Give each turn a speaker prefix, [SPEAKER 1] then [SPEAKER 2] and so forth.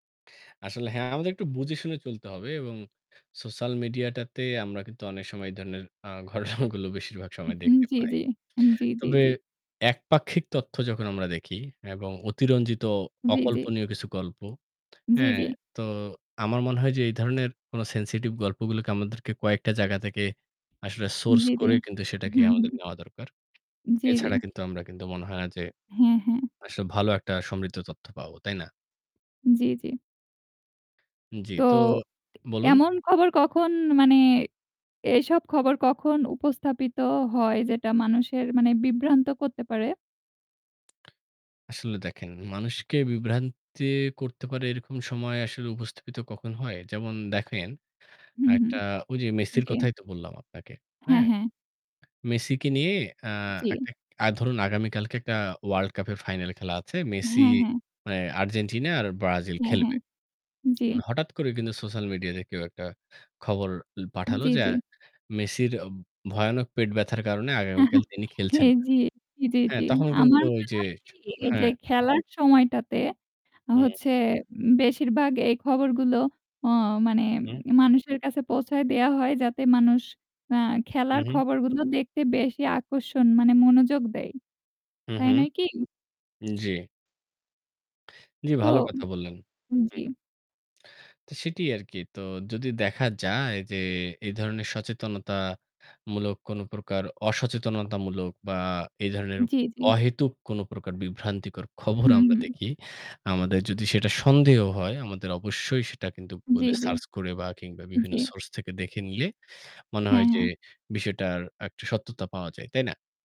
[SPEAKER 1] আসলে হ্যাঁ, আমাদের একটু বুঝে শুনে চলতে হবে এবং সোশ্যাল মিডিয়াটাতে আমরা কিন্তু অনেক সময় এ ধরনের অ্যাঁ ঘটনাগুলো বেশিরভাগ সময়
[SPEAKER 2] হুম।
[SPEAKER 1] দেখতে
[SPEAKER 2] জ্বি,
[SPEAKER 1] পাই।
[SPEAKER 2] জ্বি। হুম। জ্বি, জ্বি,
[SPEAKER 1] তবে
[SPEAKER 2] জ্বি।
[SPEAKER 1] একপাক্ষিক তথ্য যখন আমরা দেখি এবং অতিরঞ্জিত
[SPEAKER 2] জ্বি, জ্বি।
[SPEAKER 1] অকল্পনীয় কিছু গল্প,
[SPEAKER 2] জ্বি,
[SPEAKER 1] হ্যাঁ
[SPEAKER 2] জ্বি।
[SPEAKER 1] তো আমার মনে হয় যে এই ধরনের কোন সেনসিটিভ গল্পগুলোকে আমাদেরকে কয়েকটা জায়গা থেকে আসলে
[SPEAKER 2] হু,
[SPEAKER 1] সোর্স
[SPEAKER 2] জ্বি, জ্বি।
[SPEAKER 1] করে কিন্তু সেটাকে
[SPEAKER 2] হুম, হুম।
[SPEAKER 1] আমাদের নেওয়া দরকার।
[SPEAKER 2] জ্বি, জ্বি।
[SPEAKER 1] এছাড়া কিন্তু আমরা কিন্তু মনে হয় না যে
[SPEAKER 2] হ্যাঁ, হ্যাঁ।
[SPEAKER 1] আসলে ভালো একটা সমৃদ্ধ তথ্য পাব, তাই না?
[SPEAKER 2] জ্বি, জ্বি।
[SPEAKER 1] জ্বি।
[SPEAKER 2] তো
[SPEAKER 1] তো বলুন।
[SPEAKER 2] এমন খবর কখন মানে এসব খবর কখন উপস্থাপিত হয় যেটা মানুষের মানে বিভ্রান্ত করতে পারে?
[SPEAKER 1] আসলে দেখেন, মানুষকে বিভ্রান্তি করতে পারে এরকম সময় আসলে উপস্থাপিত কখন হয়? যেমন দেখেন,
[SPEAKER 2] হুম, হুম।
[SPEAKER 1] একটা ঐ যে মেসির
[SPEAKER 2] জ্বি।
[SPEAKER 1] কথাই তো বললাম আপনাকে।
[SPEAKER 2] হ্যাঁ,
[SPEAKER 1] হ্যাঁ?
[SPEAKER 2] হ্যাঁ।
[SPEAKER 1] মেসিকে নিয়ে অ্যাঁ
[SPEAKER 2] জ্বি।
[SPEAKER 1] একটা ধরুন আগামীকালকে একটা ওয়ার্ল্ড কাপের ফাইনাল খেলা আছে। মেসি
[SPEAKER 2] হ্যাঁ, হ্যাঁ।
[SPEAKER 1] অ্যাঁ আর্জেন্টিনা আর ব্রাজিল
[SPEAKER 2] হ্যাঁ, হ্যাঁ।
[SPEAKER 1] খেলবে।
[SPEAKER 2] জ্বি।
[SPEAKER 1] এখন হঠাৎ করে কিন্তু সোশ্যাল মিডিয়াতে কেউ একটা খবর পাঠালো
[SPEAKER 2] জ্বি,
[SPEAKER 1] যে
[SPEAKER 2] জ্বি।
[SPEAKER 1] অ্যাঁ মেসির ভয়ানক পেট ব্যথার কারণে আগামীকাল তিনি খেলছেন না।
[SPEAKER 2] জ্বি। জ্বি, জ্বি,
[SPEAKER 1] হ্যাঁ,
[SPEAKER 2] জ্বি।
[SPEAKER 1] তখন কিন্তু
[SPEAKER 2] আমার
[SPEAKER 1] ওই
[SPEAKER 2] মনে
[SPEAKER 1] যে
[SPEAKER 2] হয় কি এই যে
[SPEAKER 1] হ্যাঁ।
[SPEAKER 2] খেলার সময়টাতে
[SPEAKER 1] হুম।
[SPEAKER 2] হচ্ছে বেশিরভাগ এই খবরগুলো অ মানে
[SPEAKER 1] হুম।
[SPEAKER 2] মানুষের কাছে পৌঁছায় দেওয়া হয় যাতে মানুষ অ্যাঁ
[SPEAKER 1] হুঁ,
[SPEAKER 2] খেলার
[SPEAKER 1] হুঁম।
[SPEAKER 2] খবরগুলো দেখতে বেশি আকর্ষণ মানে মনোযোগ দেয়।
[SPEAKER 1] হু,
[SPEAKER 2] তাই
[SPEAKER 1] হুম।
[SPEAKER 2] নয় কি?
[SPEAKER 1] জ্বী। জ্বি,
[SPEAKER 2] তো
[SPEAKER 1] ভালো কথা বললেন।
[SPEAKER 2] জ্বি।
[SPEAKER 1] হুম। সেটি আরকি। তো যদি দেখা যায় যে, এই ধরনের সচেতনতামূলক কোন প্রকার অসচেতনতামূলক বা এ ধরনের
[SPEAKER 2] জ্বি, জ্বি।
[SPEAKER 1] অহেতুক কোনো প্রকার বিভ্রান্তিকর খবর
[SPEAKER 2] হুম,
[SPEAKER 1] আমরা
[SPEAKER 2] হুম।
[SPEAKER 1] দেখি। আমাদের যদি সেটা সন্দেহ হয়, আমাদের অবশ্যই সেটা কিন্তু
[SPEAKER 2] জ্বি,
[SPEAKER 1] গুগলে
[SPEAKER 2] জ্বি।
[SPEAKER 1] সার্চ করে বা কিংবা বিভিন্ন
[SPEAKER 2] জ্বি।
[SPEAKER 1] সোর্স থেকে দেখে নিলে মনে
[SPEAKER 2] হ্যাঁ,
[SPEAKER 1] হয় যে
[SPEAKER 2] হ্যাঁ।
[SPEAKER 1] বিষয়টার একটা সত্যতা পাওয়া যায়। তাই না?